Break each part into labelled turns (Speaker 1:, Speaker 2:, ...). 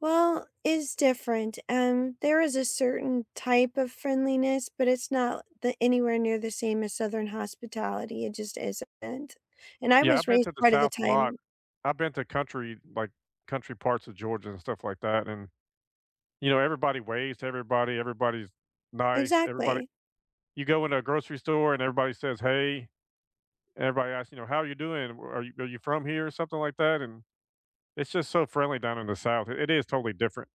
Speaker 1: Well, it's different. Um, there is a certain type of friendliness, but it's not the anywhere near the same as Southern hospitality, it just isn't. And I
Speaker 2: Yeah, I've
Speaker 1: was
Speaker 2: been
Speaker 1: raised
Speaker 2: to the
Speaker 1: part of the
Speaker 2: South a lot.
Speaker 1: time
Speaker 2: I've been to country like, country parts of Georgia and stuff like that, and, you know, everybody waves to everybody, everybody's nice. Everybody
Speaker 1: Exactly.
Speaker 2: you go in a grocery store, and everybody says hey. Everybody asks, you know, "How're you doing? W Are you are you from here, or something like that?" and it's just so friendly down in the South, i it is totally different.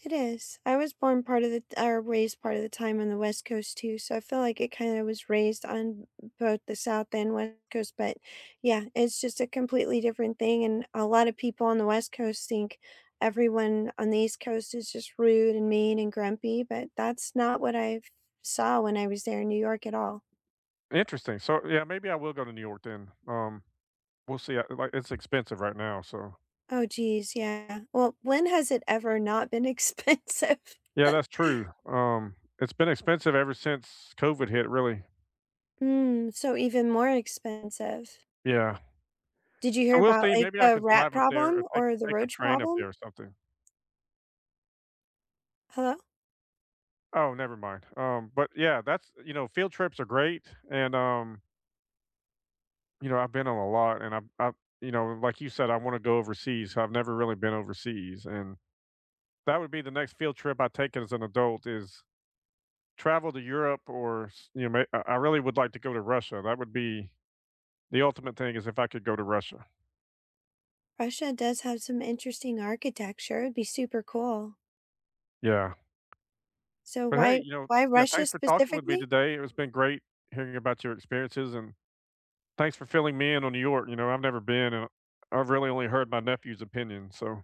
Speaker 1: It is. I was born part of the t or raised part of the time on the West Coast too, so I feel like it kinda was raised on b both the South and West Coast, but, yeah, it's just a completely different thing, and a lot of people on the West Coast think everyone on the East Coast is just rude, and mean, and grumpy, but that's not what I've saw when I was there in New York at all.
Speaker 2: Interesting. So, yeah, maybe I will go to New York then. Um, we'll see, I like, it's expensive right now, so
Speaker 1: Oh, jeez, yeah. Well, when has it ever not been expensive?
Speaker 2: Yeah, that's true. Um, it's been expensive ever since COVID hit, really.
Speaker 1: Mm, so even more expensive.
Speaker 2: Yeah.
Speaker 1: Did you
Speaker 2: I
Speaker 1: hear
Speaker 2: will
Speaker 1: about,
Speaker 2: say,
Speaker 1: like,
Speaker 2: maybe I
Speaker 1: the
Speaker 2: can
Speaker 1: rat
Speaker 2: drive up there, or
Speaker 1: problem,
Speaker 2: take
Speaker 1: or the
Speaker 2: take a
Speaker 1: roach
Speaker 2: train up
Speaker 1: problem?
Speaker 2: there, or something.
Speaker 1: Hello?
Speaker 2: Oh, never mind. Um, but, yeah, that's th you know, field trips are great, and um you know, I've been on a lot, and I've I've you know, like you said, I wanna go overseas. I've never really been overseas, and that would be the next field trip I take as an adult is travel to Europe, or s you kn may I I really would like to go to Russia. That would be the ultimate thing is if I could go to Russia.
Speaker 1: Russia does have some interesting architecture, it'd be super cool.
Speaker 2: Yeah.
Speaker 1: So
Speaker 2: But hey,
Speaker 1: why
Speaker 2: you know
Speaker 1: why
Speaker 2: yeah,
Speaker 1: Russia
Speaker 2: thanks for talking with me
Speaker 1: specifically?
Speaker 2: today, it was been great hearing about your experiences, and thanks for filling me in on New York. You know, I've never been, and I I've really only heard my nephew's opinion, so